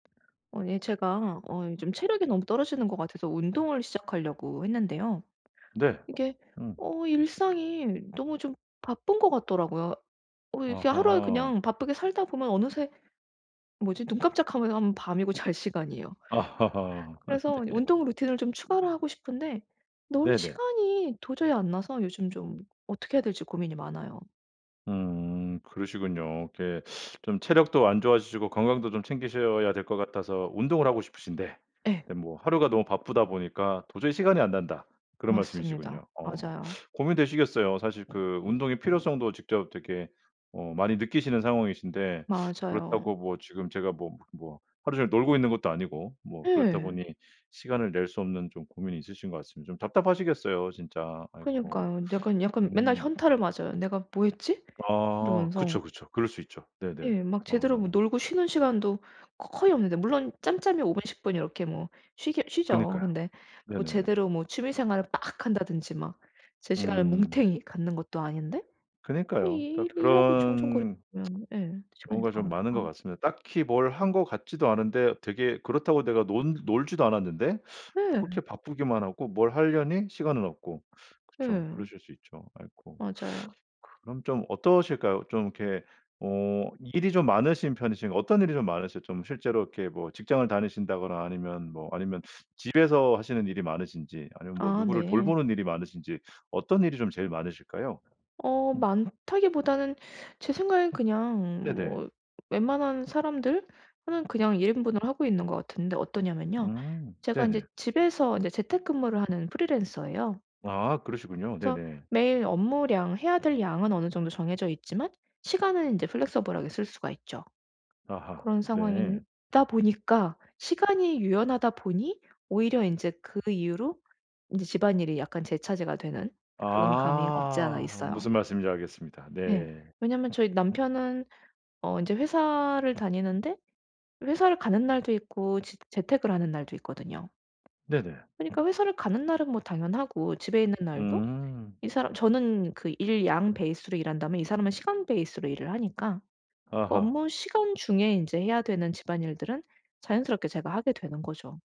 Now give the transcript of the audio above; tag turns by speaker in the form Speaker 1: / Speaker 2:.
Speaker 1: 어 예 제가 어 요즘 체력이 너무 떨어지는 것 같아서 운동을 시작하려고 했는데요.
Speaker 2: 네.
Speaker 1: 이게
Speaker 2: 음.
Speaker 1: 어 일상이 너무 좀 바쁜 것 같더라고요. 어 이렇게 하루에
Speaker 2: 아하.
Speaker 1: 그냥 바쁘게 살다 보면 어느새 뭐지 눈 깜짝하면은 밤이고 잘 시간이에요.
Speaker 2: 아 하하. 아
Speaker 1: 그래서
Speaker 2: 네.
Speaker 1: 운동 루틴을 좀 추가를 하고 싶은데 넣을
Speaker 2: 네네.
Speaker 1: 시간이 도저히 안 나서 요즘 좀 어떻게 해야 될지 고민이 많아요.
Speaker 2: 음. 그러시군요. 이렇게 좀 체력도 안 좋아지시고 건강도 좀 챙기셔야 될 것 같아서 운동을 하고 싶으신데
Speaker 1: 예.
Speaker 2: 에 뭐 "하루가 너무 바쁘다 보니까 도저히 시간이 안 난다." 그런
Speaker 1: 맞습니다.
Speaker 2: 말씀이시군요. 어.
Speaker 1: 맞아요.
Speaker 2: 고민되시겠어요. 사실 그 운동의 필요성도 직접 되게 어 많이 느끼시는 상황이신데
Speaker 1: 맞아요.
Speaker 2: 그렇다고 뭐 지금 제가 뭐 뭐 하루 종일 놀고 있는 것도 아니고 뭐 그렇다
Speaker 1: 예.
Speaker 2: 보니 시간을 낼 수 없는 좀 고민이 있으신 것 같습니다. 좀 답답하시겠어요 진짜. 아이고.
Speaker 1: 그니까요. 약간 약간 맨날
Speaker 2: 음.
Speaker 1: 현타를 맞아요 '내가 뭐 했지?'
Speaker 2: 아
Speaker 1: 이러면서.
Speaker 2: 그쵸, 그쵸. 그럴 수 있죠. 네네.
Speaker 1: 예. 막 제대로 뭐
Speaker 2: 어.
Speaker 1: 놀고 쉬는 시간도 거 거의 없는데 물론 짬짬이 5 분, 10 분 이렇게 뭐 쉬기야 쉬죠.
Speaker 2: 그니까요.
Speaker 1: 근데 뭐
Speaker 2: 네네네.
Speaker 1: 제대로 뭐 취미 생활을 막 한다든지 막 제 시간을
Speaker 2: 음.
Speaker 1: 뭉탱이 갖는 것도 아닌데 아
Speaker 2: 그니까요.
Speaker 1: 이
Speaker 2: 그러니까
Speaker 1: 일 일하고
Speaker 2: 그런
Speaker 1: 총총거리면 예 시간이
Speaker 2: 경우가
Speaker 1: 다
Speaker 2: 좀 많은 것
Speaker 1: 가니까.
Speaker 2: 같습니다. 딱히 뭘 한 것 같지도 않은데 되게 그렇다고 내가 논 놀지도 않았는데
Speaker 1: 네.
Speaker 2: 그렇게 바쁘기만 하고 뭘 하려니 시간은 없고. 그쵸.
Speaker 1: 예.
Speaker 2: 그러실 수 있죠. 아이고.
Speaker 1: 맞아요.
Speaker 2: 그럼 좀 어떠실까요? 좀 이렇게 어 일이 좀 많으신 편이신가 어떤 일이 좀 많으시 좀 실제로 이렇게 뭐 직장을 다니신다거나 아니면 뭐 아니면 집에서 하시는 일이 많으신지 아니면 뭐
Speaker 1: 아
Speaker 2: 누구를
Speaker 1: 네.
Speaker 2: 돌보는 일이 많으신지 어떤 일이 좀 제일 많으실까요?
Speaker 1: 어
Speaker 2: 음.
Speaker 1: 많다기보다는 제 생각에는 그냥
Speaker 2: 네네.
Speaker 1: 뭐 웬만한 사람들 하는 그냥 1 인분을 하고 있는 것 같은데 어떠냐면요.
Speaker 2: 음.
Speaker 1: 제가 인제
Speaker 2: 네네.
Speaker 1: 집에서 인제 재택근무를 하는 프리랜서예요.
Speaker 2: 아 그러시군요.
Speaker 1: 그래서
Speaker 2: 네네.
Speaker 1: 매일 업무량 해야 될 양은 어느 정도 정해져 있지만 시간은 인제 플렉서블하게 쓸 수가 있죠.
Speaker 2: 아하.
Speaker 1: 그런 상황인
Speaker 2: 네.
Speaker 1: 다 보니까 시간이 유연하다 보니 오히려 인제 그 이유로 인제 집안일이 약간 제 차지가 되는 그런 감이 없지 않아
Speaker 2: 아.
Speaker 1: 있어요.
Speaker 2: 무슨 말씀인지 알겠습니다.
Speaker 1: 네.
Speaker 2: 네.
Speaker 1: 왜냐면 저희 남편은 어 인제 회사를 다니는데 회사를 가는 날도 있고 지 재택을 하는 날도 있거든요.
Speaker 2: 네네.
Speaker 1: 그니까 회사를 가는 날은 뭐 당연하고 집에 있는 날도
Speaker 2: 음.
Speaker 1: 이 사람 저는 그 일 양 베이스로 일한다면 이 사람은 시간 베이스로 일을 하니까 그
Speaker 2: 아하.
Speaker 1: 업무시간 중에 인제 해야 되는 집안일들은 자연스럽게 제가 하게 되는 거죠.